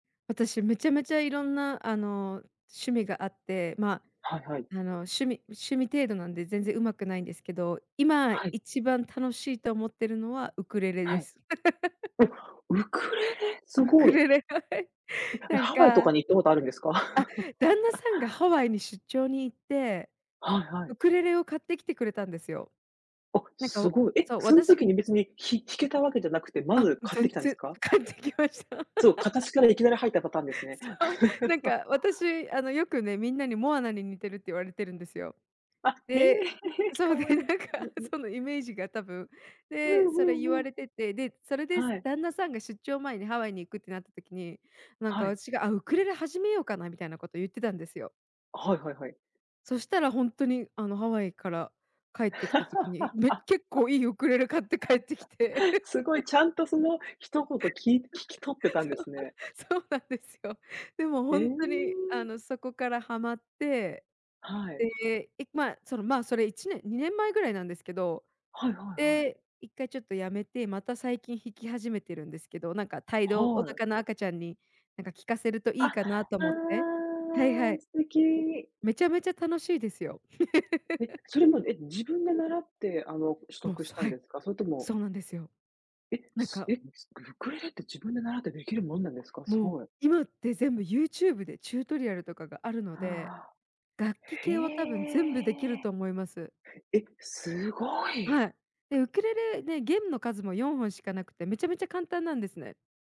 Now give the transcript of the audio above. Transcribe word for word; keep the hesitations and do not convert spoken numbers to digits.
私、めちゃめちゃいろんな、あの、趣味があって、ま、はいはい。あの、趣味趣味程度なんで全然上手くないんですけど、今はい。一番楽しいと思っているのはウクレレはでい。す。お、ウクレレ。すウごクい。レレ、はい。え、なんハワイとかかあ、に行ったことあるんですか？旦那 さんがハワイに出張に行って、はいはい。ウクレレを買ってきてくれたんですよ。あ、なんかすおごい。え、そう、その私が時に別にひ弾けたわけじゃなくて、まあ、ず買って全きたんです然か？買ってきました。そう、形から いきなり入ったパターンですね。そう、なん か私あの、よくね、みんなに「モアナに似てる」って言われてるんですよ。あ、へえ。で、そかうで、わいなんい。かそのイメージが多分。うんで、うそれ言んうわん。れてて、で、それではい。旦那さんが出張前にハワイに行くってなった時に、なんはかい。私が「あ、ウクレレ始めようかな」みたいなこと言ってたんですよ。はいはいはい。そしたらほんとにあの、ハワイから帰ってきた時に、め結構いいウクレレ買って帰ってきて。すごい ちゃんとその一言聞い聞き取って たんでそう、すね。そうなんですよ。でもへほえ。んとに、あの、そこからはまって。はい。で、えま、そのま、それいちねん、にねんまえぐらいなんですけど。はいはいはい。で、いっかいちょっと止めて、また最近弾き始めてるんですけど、なんか胎動おはい。腹の赤ちゃんになんか聴かせるとあ、いいあかなと思って。はいはあ。い。素敵。めちゃめちゃ楽しいですよ。え、それも、え、自分で習って、あの、取もう、得しさたはんい、ですか？それともそうなんですよ。え、なんえ、かうウクレレって自分で習ってできるもんなんですか？すもう、ごい。今って全部 YouTube でチュートリアルとかがあるので、はあ。楽器へ系は多分全部できるえ。と思います。え、すごい。はい。で、ウクレレ、で、弦の数もよんほんしかなくて、めちゃめちゃ簡単なんですね。